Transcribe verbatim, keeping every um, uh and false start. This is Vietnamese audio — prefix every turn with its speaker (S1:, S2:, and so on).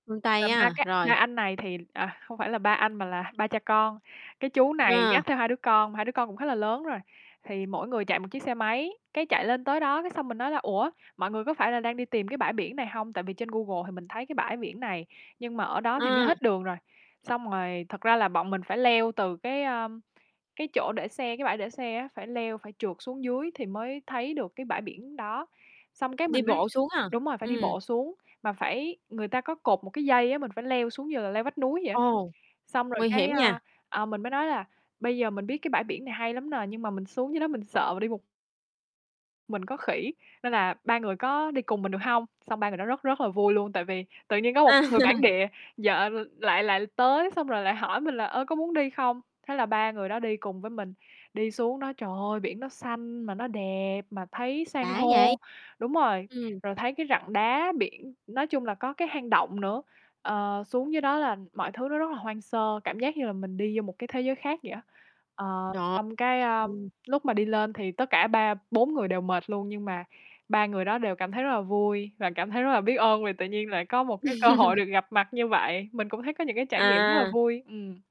S1: Phương
S2: Và
S1: Tây
S2: ba
S1: á?
S2: cái ba
S1: Rồi.
S2: anh này thì à, không phải là ba anh mà là ba cha con. Cái chú này
S1: À.
S2: dắt theo hai đứa con, hai đứa con cũng khá là lớn rồi, thì mỗi người chạy một chiếc xe máy. Cái chạy lên tới đó cái xong mình nói là "Ủa, mọi người có phải là đang đi tìm cái bãi biển này hông?" Tại vì trên Google thì mình thấy cái bãi biển này, nhưng mà ở đó thì nó
S1: Ừm.
S2: hết đường rồi. Xong rồi thực ra là bọn mình phải leo từ cái, a, cái chỗ để xe cái bãi để xe á, phải leo, phải trượt xuống dưới thì mới thấy được cái bãi biển đó. Xong cái
S1: Đi
S2: mình mới
S1: bộ xuống à?
S2: đúng rồi, phải đi
S1: Ừm.
S2: bộ xuống, mà phải người ta có cột một cái dây á, mình phải leo xuống như là leo vách núi vậy á.
S1: Ồ,
S2: Xong rồi
S1: nguy
S2: cái,
S1: hiểm
S2: a,
S1: nha.
S2: ờ, mình mới nói là bây giờ mình biết cái bãi biển này hay lắm nè, nhưng mà mình xuống dưới đó mình sợ là đi một Mình có khỉ, nên là ba người có đi cùng mình được hông? Xong ba người đó rất rất là vui luôn, tại vì tự nhiên có một người bản
S1: À.
S2: địa vợ l lại lại tới xong rồi lại hỏi mình là, ơ, có muốn đi không, thế là ba người đó đi cùng với mình. Đi xuống đó, trời ơi, biển nó xanh mà nó đẹp, mà thấy san
S1: Đã vậy.
S2: hô đúng rồi,
S1: Ừm.
S2: rồi thấy cái rặng đá biển, nói chung là có cái hang động nữa. Ờ, xuống dưới đó là mọi thứ nó rất là hoang sơ, cảm giác như là mình đi vô một cái thế giới khác vậy á. Ờ,
S1: Trời,
S2: xong cái, ơ,
S1: ừm.
S2: lúc mà đi lên thì tất cả ba bốn người đều mệt luôn, nhưng mà ba người đó đều cảm thấy rất là vui và cảm thấy rất là biết ơn vì tự nhiên lại có một cái cơ hội được gặp mặt như vậy. Mình cũng thấy có những cái trải nghiệm rất là
S1: À.
S2: vui. Ừm.